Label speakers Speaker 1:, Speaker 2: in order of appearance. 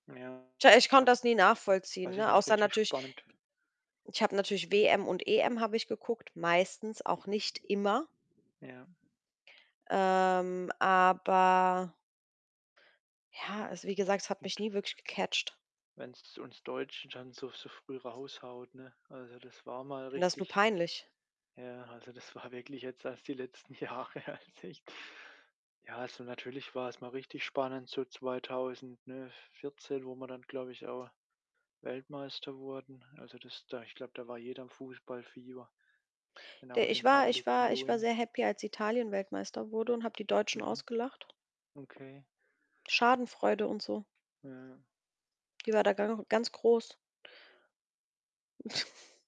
Speaker 1: Ja.
Speaker 2: Tja, ich konnte das nie nachvollziehen,
Speaker 1: Was ich
Speaker 2: ne,
Speaker 1: noch
Speaker 2: außer
Speaker 1: richtig
Speaker 2: natürlich
Speaker 1: spannend
Speaker 2: ich habe natürlich WM und EM habe ich geguckt, meistens, auch nicht immer.
Speaker 1: Ja.
Speaker 2: Ähm, aber ja, also, wie gesagt, es hat mich
Speaker 1: Gut.
Speaker 2: nie wirklich gecatcht.
Speaker 1: Wenn's uns Deutschen dann so so früh raushaut, ne? Also, das war mal
Speaker 2: Finde das nur
Speaker 1: richtig
Speaker 2: peinlich.
Speaker 1: ja, also, das war wirklich jetzt erst die letzten Jahre, als ich ja, also, natürlich war's mal richtig spannend so 2000, ne, 14, wo wir dann, glaube ich, auch Weltmeister wurden. Also, das da ich glaube, da war jeder im Fußballfieber, dann auch
Speaker 2: De
Speaker 1: mit
Speaker 2: ich
Speaker 1: dem
Speaker 2: war ich
Speaker 1: Public
Speaker 2: war ich war
Speaker 1: Viewing.
Speaker 2: sehr happy, als Italien Weltmeister wurde und habe die Deutschen
Speaker 1: Mhm,
Speaker 2: ausgelacht.
Speaker 1: okay.
Speaker 2: Schadenfreude und so
Speaker 1: Ja.
Speaker 2: die war da gang ganz groß.